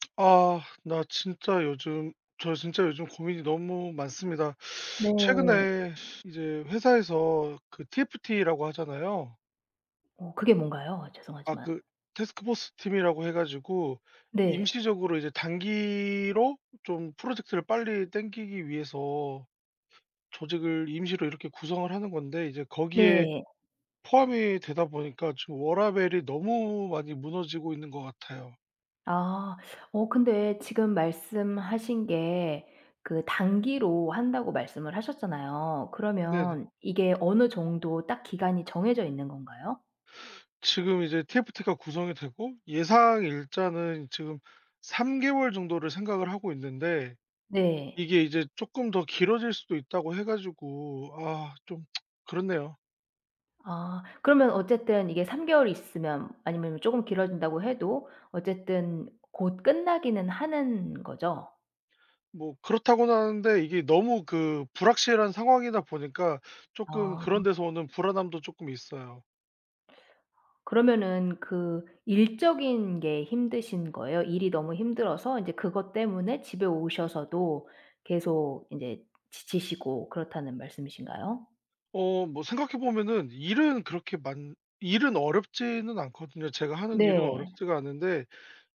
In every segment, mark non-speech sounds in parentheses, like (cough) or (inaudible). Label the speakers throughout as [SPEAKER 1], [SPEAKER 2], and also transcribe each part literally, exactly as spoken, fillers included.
[SPEAKER 1] (smacks lips) 아 나 진짜 요즘 저 진짜 요즘 고민이 너무 많습니다. (sucks teeth)
[SPEAKER 2] 네.
[SPEAKER 1] 최근에 이제 회사에서 그 TFT라고 하잖아요.
[SPEAKER 2] 어 그게 뭔가요
[SPEAKER 1] 아
[SPEAKER 2] 죄송하지만?
[SPEAKER 1] 그 태스크 포스 팀이라고 해 가지고
[SPEAKER 2] 네.
[SPEAKER 1] 임시적으로 이제 단기로 좀 프로젝트를 빨리 땡기기 위해서 조직을 임시로 이렇게 구성을 하는 건데 이제 거기에
[SPEAKER 2] 네.
[SPEAKER 1] 포함이 되다 보니까 지금 워라밸이 너무 많이 무너지고 있는 것 같아요.
[SPEAKER 2] 아. 어 근데 지금 말씀하신 게 그 "단기로 한다."고 말씀을 하셨잖아요.
[SPEAKER 1] 네네.
[SPEAKER 2] 그러면 이게 어느 정도 딱 기간이 정해져 있는 건가요?
[SPEAKER 1] 지금 이제 TFT가 구성이 되고 예상 일자는 지금 삼 개월 정도를 생각을 하고 있는데
[SPEAKER 2] 네.
[SPEAKER 1] 이게 이제 "쪼끔 더 길어질 수도 있다."고 해 가지고 아 좀 (tsk) 그렇네요.
[SPEAKER 2] 아 그러면 어쨌든 이게 삼 개월 있으면 아니면 쪼금 길어진다고 해도 어쨌든 곧 끝나기는 하는 거죠?
[SPEAKER 1] 뭐 그렇다고는 하는데 이게 너무 그 불확실한 상황이다 보니까 쪼끔
[SPEAKER 2] 아.
[SPEAKER 1] 그런 데서 오는 불안함도 쪼끔 있어요.
[SPEAKER 2] 그러면은 그 일적인 게 힘드신 거예요? 일이 너무 힘들어서 이제 그것 때문에 집에 오셔서도 계속 인제 지치시고 그렇다는 말씀이신가요?
[SPEAKER 1] 어 뭐 생각해 보면은 일은 그렇게 많 일은 어렵지는 않거든요. 제가 하는 일은
[SPEAKER 2] 네.
[SPEAKER 1] 어렵지가 않은데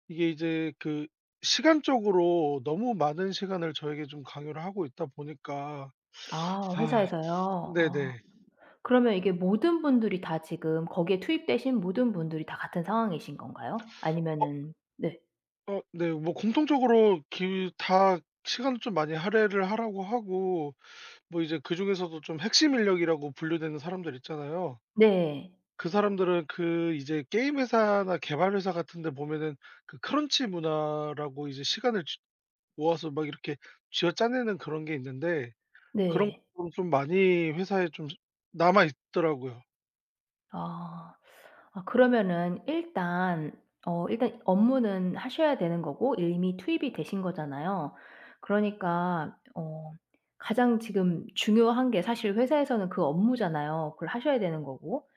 [SPEAKER 1] 이게 이제 그 시간적으로 너무 많은 시간을 저에게 좀 강요를 하고 있다 보니까
[SPEAKER 2] 아
[SPEAKER 1] (sucks teeth) 아
[SPEAKER 2] 회사에서요?
[SPEAKER 1] (sucks teeth)
[SPEAKER 2] 어
[SPEAKER 1] 네네.
[SPEAKER 2] 그러면 이게 모든 분들이 다 지금 거기에 투입되신 모든 분들이 다 같은 상황이신 건가요?
[SPEAKER 1] (sucks teeth) 어
[SPEAKER 2] 아니면은 네.
[SPEAKER 1] 어 네. 뭐 공통적으로 길 다 시간을 좀 많이 할애를 하라고 하고 뭐 이제 그중에서도 좀 핵심 인력이라고 분류되는 사람들 있잖아요.
[SPEAKER 2] 네.
[SPEAKER 1] 그 사람들은 그 이제 게임 회사나 개발 회사 같은 데 보면은 그 크런치 문화라고 이제 시간을 쥐 모아서 막 이렇게 쥐어짜내는 그런 게 있는데 그런
[SPEAKER 2] 네.
[SPEAKER 1] 부분이 좀 많이 회사에 좀 남아 있더라고요.
[SPEAKER 2] 아. 아 그러면은 일단 어 일단 업무는 하셔야 되는 거고 이미 투입이 되신 거잖아요. 그러니까 어 가장 지금 중요한 게 사실 회사에서는 그 업무잖아요. 그걸 하셔야 되는 거고.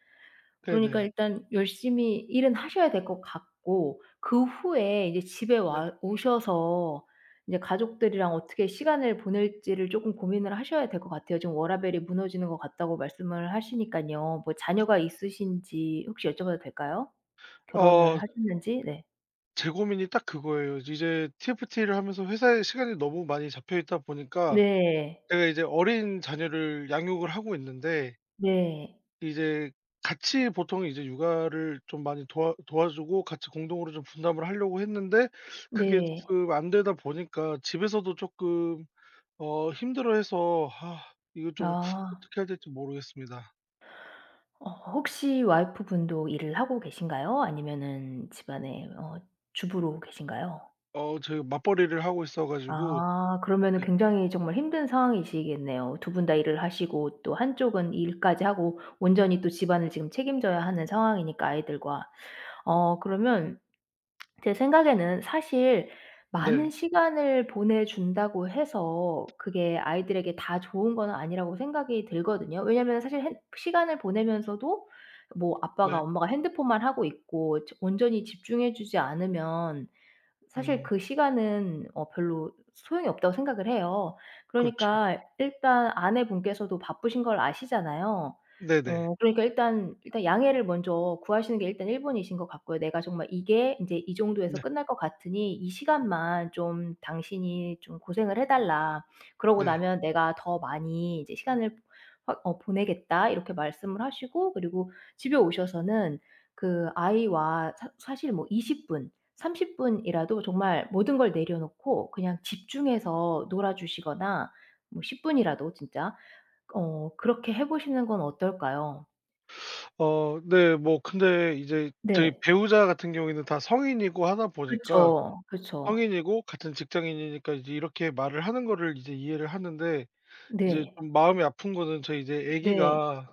[SPEAKER 2] 그러니까
[SPEAKER 1] 네네.
[SPEAKER 2] 일단 열심히 일은 하셔야 될 것 같고 그 후에 이제 집에
[SPEAKER 1] 네.
[SPEAKER 2] 와 오셔서 이제 '가족들이랑 어떻게 시간을 보낼지'를 쪼금 고민을 하셔야 될 것 같아요. 지금 "워라벨이 무너지는 것 같다."고 말씀을 하시니깐요. 뭐 자녀가 있으신지 혹시 여쭤봐도 될까요? 결혼을
[SPEAKER 1] 어.
[SPEAKER 2] 하셨는지? 네.
[SPEAKER 1] 제 고민이 딱 그거예요. 이제 TFT를 하면서 회사에 시간이 너무 많이 잡혀있다 보니까
[SPEAKER 2] 네.
[SPEAKER 1] 제가 이제 어린 자녀를 양육을 하고 있는데
[SPEAKER 2] 네.
[SPEAKER 1] 이제 같이 보통 이제 육아를 좀 많이 도와 도와주고 같이 공동으로 좀 분담을 하려고 했는데 (sucks teeth) 그게
[SPEAKER 2] 네.
[SPEAKER 1] 조금 안되다 보니까 집에서도 조금 어 힘들어 해서 (sighs) 이거 좀 (sucks teeth)
[SPEAKER 2] 아.
[SPEAKER 1] 어떻게 해야 될지 모르겠습니다.
[SPEAKER 2] 어. 혹시 와이프분도 일을 하고 계신가요? 아니면은 집안에 어 주부로 계신가요?
[SPEAKER 1] 어 제가 맞벌이를 하고 있어 가지고.
[SPEAKER 2] 아. 그러면은
[SPEAKER 1] 네.
[SPEAKER 2] 굉장히 정말 힘든 상황이시겠네요. 두 분 다 일을 하시고 또 한쪽은 일까지 하고 온전히 또 집안을 지금 책임져야 하는 상황이니까 아이들과. 어 그러면 (smacks lips) 제 생각에는 사실
[SPEAKER 1] 네.
[SPEAKER 2] 많은 시간을 보내준다고 해서 그게 아이들에게 다 좋은 건 아니라고 생각이 들거든요. 왜냐면 사실 핸 '시간을 보내면서도 뭐 아빠가
[SPEAKER 1] 네.
[SPEAKER 2] 엄마가 핸드폰만 하고 있고 온전히 집중해 주지 않으면 사실
[SPEAKER 1] 음.
[SPEAKER 2] 그 시간은 어 별로 소용이 없다.'고 생각을 해요.
[SPEAKER 1] 그렇죠.
[SPEAKER 2] 그러니까 일단 아내분께서도 바쁘신 걸 아시잖아요.
[SPEAKER 1] 네네.
[SPEAKER 2] 어 그러니까 일단 일단 양해를 먼저 구하시는 게 일단 일 번이신 것 같고요. "내가 정말 이게 이제 이 정도에서
[SPEAKER 1] 네.
[SPEAKER 2] 끝날 것 같으니 이 시간만 좀 당신이 좀 고생을 해 달라. 그리고
[SPEAKER 1] 네.
[SPEAKER 2] 나면 내가 더 많이 이제 시간을 확 어 보내겠다." 이렇게 말씀을 하시고 그리고 집에 오셔서는 그 아이와 사 사실 뭐 이십 분, 삼십 분이라도 정말 모든 걸 내려 놓고 그냥 집중해서 놀아 주시거나 뭐 십 분이라도 진짜 어 그렇게 해 보시는 건 어떨까요?
[SPEAKER 1] (sucks teeth) 어 네. 뭐 근데 이제 저희
[SPEAKER 2] 네.
[SPEAKER 1] 배우자 같은 경우에는 다 성인이고 하다 보니까
[SPEAKER 2] 그쵸. 그쵸.
[SPEAKER 1] 성인이고 같은 직장인이니까 이제 이렇게 말을 하는 거를 이제 이해를 하는데 이제
[SPEAKER 2] 네.
[SPEAKER 1] 좀 마음이 아픈 거는 저희 이제
[SPEAKER 2] 네.
[SPEAKER 1] 애기가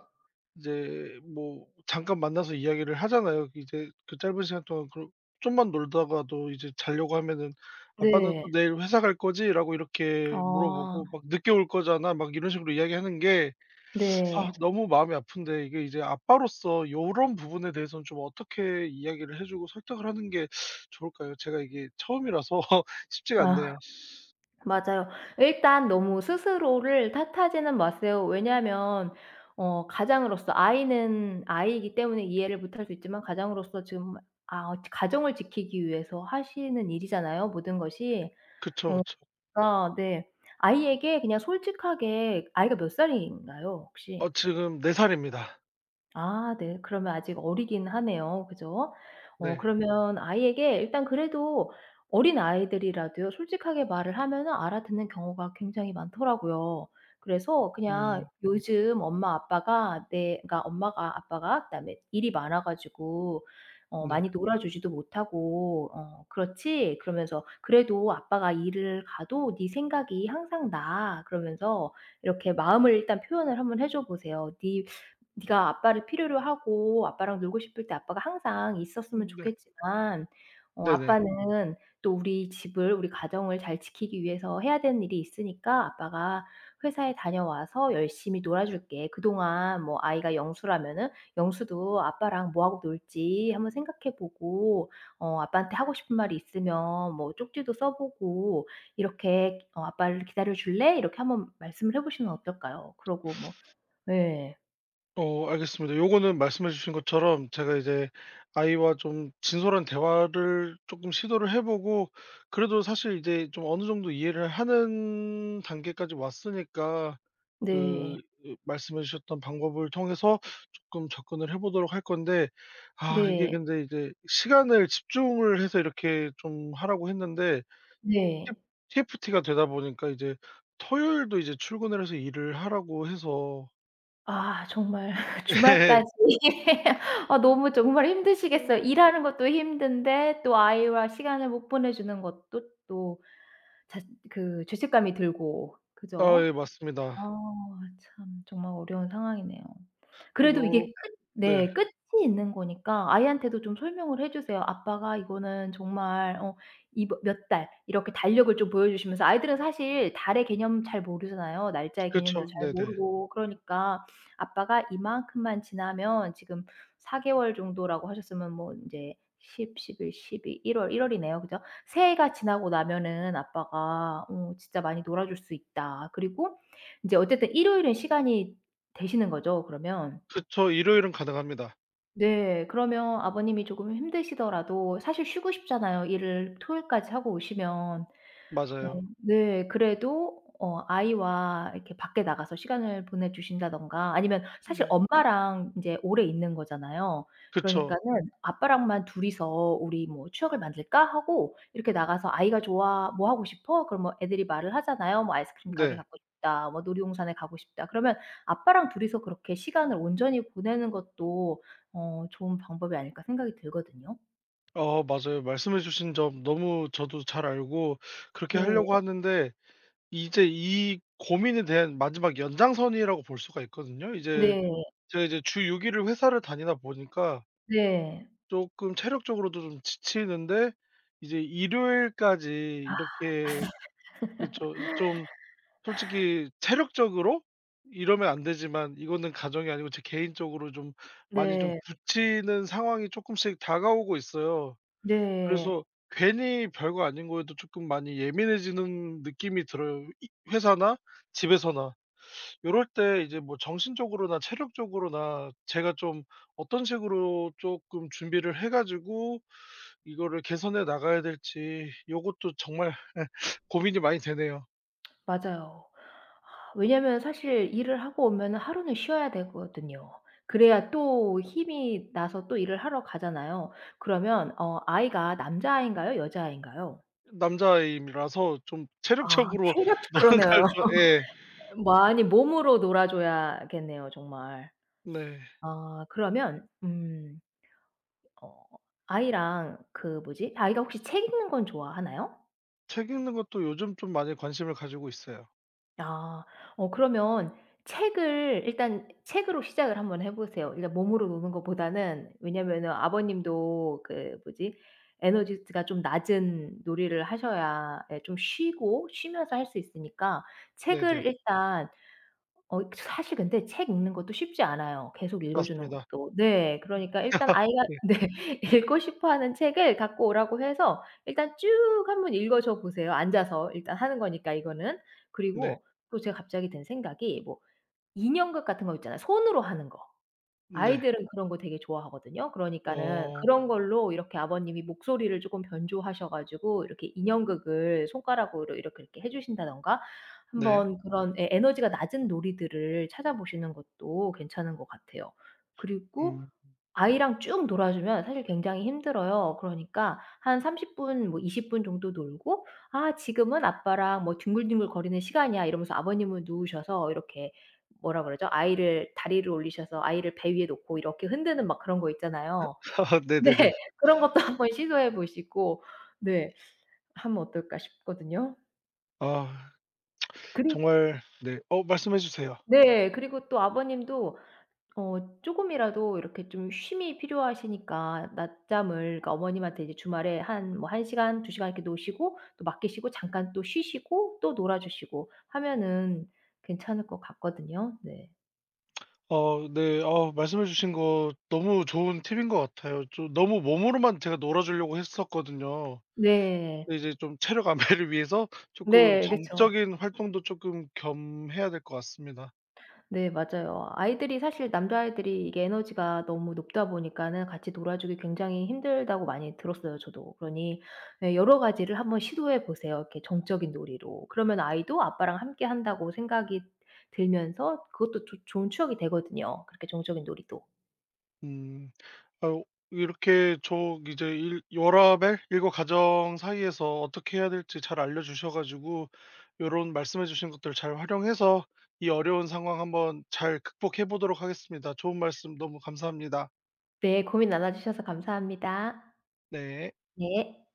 [SPEAKER 1] 이제 뭐 잠깐 만나서 이야기를 하잖아요. 이제 그 짧은 시간 동안 그러 좀만 놀다가도 이제 자려고 하면은 "아빠는
[SPEAKER 2] 네.
[SPEAKER 1] 또 내일 회사 갈 거지?"라고 이렇게
[SPEAKER 2] 아.
[SPEAKER 1] 물어보고 막 "늦게 올 거잖아." 막 이런 식으로 이야기하는 게 (sucks teeth) 아
[SPEAKER 2] 네.
[SPEAKER 1] 너무 마음이 아픈데 이게 이제 아빠로서 요런 부분에 대해서는 좀 어떻게 이야기를 해 주고 설득을 하는 게 (sucks teeth) 좋을까요? 제가 이게 처음이라서 (laughs) 쉽지가
[SPEAKER 2] 아.
[SPEAKER 1] 않네요.
[SPEAKER 2] 맞아요. 일단 너무 스스로를 탓하지는 마세요. 왜냐하면 어 가장으로서 아이는 아이이기 때문에 이해를 못 할 수 있지만 가장으로서 지금 아 가정을 지키기 위해서 하시는 일이잖아요 모든 것이.
[SPEAKER 1] 그쵸,
[SPEAKER 2] 어
[SPEAKER 1] 그쵸.
[SPEAKER 2] 그러니까 네 아이에게 그냥 솔직하게 아이가 몇 살인가요 혹시?
[SPEAKER 1] 어 지금 네 살입니다.
[SPEAKER 2] 아 네. 그러면 아직 어리기는 하네요. 그죠? 어
[SPEAKER 1] 네.
[SPEAKER 2] 그러면 아이에게 일단 그래도 어린아이들이라도요 솔직하게 말을 하면은 알아듣는 경우가 굉장히 많더라고요. 그래서 그냥
[SPEAKER 1] 음.
[SPEAKER 2] "요즘 엄마 아빠가 내 그니까 엄마가 아빠가 그다음에 일이 많아 가지고 어
[SPEAKER 1] 네.
[SPEAKER 2] 많이 놀아주지도 못하고 어 그렇지?" 그러면서 "그래도 아빠가 일을 가도 네 생각이 항상 나." 그러면서 이렇게 마음을 일단 표현을 한번 해줘 보세요. "네 네가 아빠를 필요로 하고 아빠랑 놀고 싶을 때 아빠가 항상 있었으면
[SPEAKER 1] 음 네.
[SPEAKER 2] 좋겠지만 어
[SPEAKER 1] 네네.
[SPEAKER 2] 아빠는 또 우리 집을 우리 가정을 잘 지키기 위해서 해야 되는 일이 있으니까 아빠가 회사에 다녀와서 열심히 놀아 줄게. 그동안 뭐" 아이가 영수라면은 "영수도 아빠랑 뭐 하고 놀지 한번 생각해 보고 어 아빠한테 하고 싶은 말이 있으면 뭐 쪽지도 써 보고 이렇게 어 아빠를 기다려 줄래?" 이렇게 한번 말씀을 해 보시면 어떨까요? 그러고 뭐
[SPEAKER 1] (sucks teeth)
[SPEAKER 2] 네.
[SPEAKER 1] 어 알겠습니다. 요거는 말씀해 주신 것처럼 제가 이제 아이와 좀 진솔한 대화를 쪼끔 시도를 해 보고 그래도 사실 이제 좀 어느 정도 이해를 하는 단계까지 왔으니까
[SPEAKER 2] 네.
[SPEAKER 1] 그 으 말씀해 주셨던 방법을 통해서 쪼끔 접근을 해보도록 할 건데. 아 이게
[SPEAKER 2] 네.
[SPEAKER 1] 근데 이제 시간을 집중을 해서 이렇게 좀 하라고 했는데
[SPEAKER 2] 네.
[SPEAKER 1] 팁 TFT가 되다 보니까 이제 토요일도 이제 출근을 해서 일을 하라고 해서
[SPEAKER 2] 아 정말 (laughs)
[SPEAKER 1] 예.
[SPEAKER 2] 주말까지
[SPEAKER 1] (laughs)
[SPEAKER 2] (laughs) 아 너무 정말 힘드시겠어요.
[SPEAKER 1] 음.
[SPEAKER 2] 일하는 것도 힘든데 또 아이와 시간을 못 보내 주는 것도 또 자 그 죄책감이 들고.
[SPEAKER 1] 아
[SPEAKER 2] 그죠?
[SPEAKER 1] 예
[SPEAKER 2] 어
[SPEAKER 1] 맞습니다.
[SPEAKER 2] 참 정말 어려운 상황이네요. 그래도 이게
[SPEAKER 1] 요렇
[SPEAKER 2] 끝
[SPEAKER 1] 네.
[SPEAKER 2] 네 끝이 있는 거니까 아이한테도 좀 설명을 해 주세요. 아빠가 이거는 정말 어 이 뭐 몇 달 이렇게 달력을 좀 보여 주시면서 아이들은 사실 달의 개념 잘 모르잖아요. 날짜의 개념도
[SPEAKER 1] 그쵸.
[SPEAKER 2] 잘
[SPEAKER 1] 네네.
[SPEAKER 2] 모르고 그러니까. '아빠가 이만큼만 지나면' 지금 사 개월 정도라고 하셨으면 뭐 인제 십, 십일, 십이, 일 월, 일 월이네요. 그죠? "새해가 지나고 나면은 아빠가 어 진짜 많이 놀아줄 수 있다." 그리고 이제 어쨌든 일요일은 시간이 되시는 거죠 그러면?
[SPEAKER 1] 그쵸. 일요일은 가능합니다.
[SPEAKER 2] 네. 그러면 아버님이 조금 힘드시더라도 사실 쉬고 싶잖아요, 일을 토요일까지 하고 오시면. 어
[SPEAKER 1] 맞아요.
[SPEAKER 2] 네. 그래도 어 아이와 이렇게 밖에 나가서 시간을 보내 주신다든가 아니면 사실
[SPEAKER 1] 네.
[SPEAKER 2] 엄마랑 이제 오래 있는 거잖아요.
[SPEAKER 1] 그쵸.
[SPEAKER 2] 그러니까는 "아빠랑만 둘 이서 우리 뭐 추억을 만들까?"하고 이렇게 나가서 아이가 "좋아." "뭐 하고 싶어?" 그럼 뭐 애들이 말을 하잖아요. 뭐 "아이스크림 가게
[SPEAKER 1] 네.
[SPEAKER 2] 가고 싶다.", 뭐 "놀이동산에 가고 싶다." 그러면 아빠랑 둘 이서 그렇게 시간을 온전히 보내는 것도 어 '좋은 방법이 아닐까?' 생각이 들거든요.
[SPEAKER 1] 아 맞아요. 말씀해 주신 점 너무 저도 잘 알고 그렇게 하려고
[SPEAKER 2] 네.
[SPEAKER 1] 하는데 이제 이 고민에 대한 마지막 연장선이라고 볼 수가 있거든요. 이제
[SPEAKER 2] 네.
[SPEAKER 1] 제가 이제 주 육 일을 회사를 다니다 보니까
[SPEAKER 2] 네.
[SPEAKER 1] 쪼끔 체력적으로도 좀 지치는데 이제 일요일까지
[SPEAKER 2] 아.
[SPEAKER 1] 이렇게
[SPEAKER 2] (laughs)
[SPEAKER 1] 그쵸. 좀
[SPEAKER 2] (sighs)
[SPEAKER 1] 솔직히 체력적으로 이러면 안 되지만 이거는 가정이 아니고 제 개인적으로 좀 많이 좀
[SPEAKER 2] 네.
[SPEAKER 1] 부치는 상황이 쪼끔씩 다가오고 있어요.
[SPEAKER 2] 네.
[SPEAKER 1] 그래서 괜히 별거 아닌 것에도 조금 많이 예민해지는 느낌이 들어요, 이 회사나 집에서나. (sucks teeth) 요럴 때 이제 뭐 정신적으로나 체력적으로나 제가 좀 '어떤 식으로 쪼끔 준비를 해 가지고 이거를 개선해 나가야 될지?' 요것도 정말 예 (sucks teeth) 고민이 많이 되네요.
[SPEAKER 2] 맞아요. (sighs) 왜냐면 사실 일을 하고 오면은 하루는 쉬어야 되거든요. 그래야 또 힘이 나서 또 일을 하러 가잖아요. 그러면 어 아이가 남자 아인가요 여자 아이인가요?
[SPEAKER 1] 으 남자 아이입 라서 좀
[SPEAKER 2] 아
[SPEAKER 1] 체력적으로
[SPEAKER 2] 체력저 그러네요.
[SPEAKER 1] 뭔가 좀 예.
[SPEAKER 2] (laughs) 많이 몸으로 놀아줘야겠네요 정말.
[SPEAKER 1] 네.
[SPEAKER 2] (sucks teeth) 아 그러면 음 어 아이랑 그 뭐지? 아이가 혹시 책 읽는 건 좋아하나요?
[SPEAKER 1] 책 읽는 것도 요즘 좀 많이 관심을 가지고 있어요.
[SPEAKER 2] 아. 어 그러면 책을 일단 책으로 시작을 한번 해 보세요 일단 몸으로 노는 것보다는. 왜냐면은 아버님도 그 뭐지 에너지 즈 가 좀 낮은 놀이를 하셔야 예 좀 쉬고 쉬면서 할 수 있으니까
[SPEAKER 1] 네네.
[SPEAKER 2] 책을 일단 어 사실 근데 책 읽는 것도 쉽지 않아요 계속 읽어주는
[SPEAKER 1] 맞습니다.
[SPEAKER 2] 것도. 네. 그러니까 일단
[SPEAKER 1] (laughs)
[SPEAKER 2] 아이하
[SPEAKER 1] 네.
[SPEAKER 2] 네 읽고 싶어 하는 책을 갖고 오라고 해서 일단 쭉 한번 읽어줘 보세요 앉아서 일단 하는 거니까 이거는.
[SPEAKER 1] 네.
[SPEAKER 2] 그리고 또 제가 갑자기 든 생각이 뭐 인형극 같은 거 있잖아요 손으로 하는 거.
[SPEAKER 1] 네.
[SPEAKER 2] 아이들은 그런 거 되게 좋아하거든요. 그러니까는
[SPEAKER 1] 어.
[SPEAKER 2] 그런 걸로 이렇게 아버님이 목소리를 쪼끔 변조하셔 가지고 이렇게 인형극을 손가락으로 이렇게, 이렇게 해 주신다든가
[SPEAKER 1] 네.
[SPEAKER 2] 한번 그런 예 에너지가 낮은 놀이들을 찾아보시는 것도 괜찮은 것 같아요. 그리고
[SPEAKER 1] 음.
[SPEAKER 2] 아이랑 쭉 놀아주면 사실 굉장히 힘들어요. 그러니까 한 삼십 분 뭐 이십 분 정도 놀고 "아 지금은 아빠랑 뭐 뒹굴뒹굴 거리는 시간이야." 이러면서 아버님은 누우셔서 이렇게 뭐라 그러죠? 아이를 다리를 올리셔서 아이를 배 위에 놓고 이렇게 흔드는 막 그런 거
[SPEAKER 1] 엇
[SPEAKER 2] 있잖아요.
[SPEAKER 1] (laughs)
[SPEAKER 2] 네
[SPEAKER 1] 네네네.
[SPEAKER 2] 그런 것도 한번 시도해 보시고 네 하면 어떨까 싶거든요.
[SPEAKER 1] 아. (tsk)
[SPEAKER 2] 그리
[SPEAKER 1] 정말 네 어 말씀해 주세요.
[SPEAKER 2] 네. 그리고 또 아버님도 어 쪼금이라도 이렇게 좀 쉼이 필요하시니까 낮잠을 그러니까 어머님한테 이제 주말에 한 뭐 한 시간, 두 시간 이렇게 노시고 또 맡기시고 잠깐 또 쉬시고 또 놀아 주시고 하면은 괜찮을 것 같거든요. 네.
[SPEAKER 1] (tsk) 어 네. 어 말씀해 주신 거 너무 좋은 팁인 것 같아요. 좀 너무 몸으로만 제가 놀아 주려고 했었거든요.
[SPEAKER 2] 네.
[SPEAKER 1] 근데 이제 좀 체력 안배를 위해서 쪼끔
[SPEAKER 2] 네, 그쵸.
[SPEAKER 1] 정적인 활동도 쪼끔 겸해야 될 것 같습니다.
[SPEAKER 2] 네 맞아요. 아이들이 사실 남자 아이들이 이게 에너지가 너무 높다 보니까는 같이 놀아주기 굉장히 힘들다고 많이 들었어요 저도. 그러니 예 여러 가지를 한번 시도해 보세요, 이렇게 정적인 놀이로. 그러면 아이도 아빠랑 함께 한다고 생각이 들면서 그것도 조 좋은 추억이 되거든요, 그렇게 정적인 놀이도.
[SPEAKER 1] 음. 어 이렇게 저 이제 일 워라밸 일과 가정 사이에서 어떻게 해야 될지 잘 알려주셔 가지고 요런 말씀해 주신 것들을 잘 활용해서 이 어려운 상황 한번 잘 극복해 보도록 하겠습니다. 좋은 말씀 너무 감사합니다.
[SPEAKER 2] 네. 고민 나눠 주셔서 감사합니다.
[SPEAKER 1] 네.
[SPEAKER 2] 네.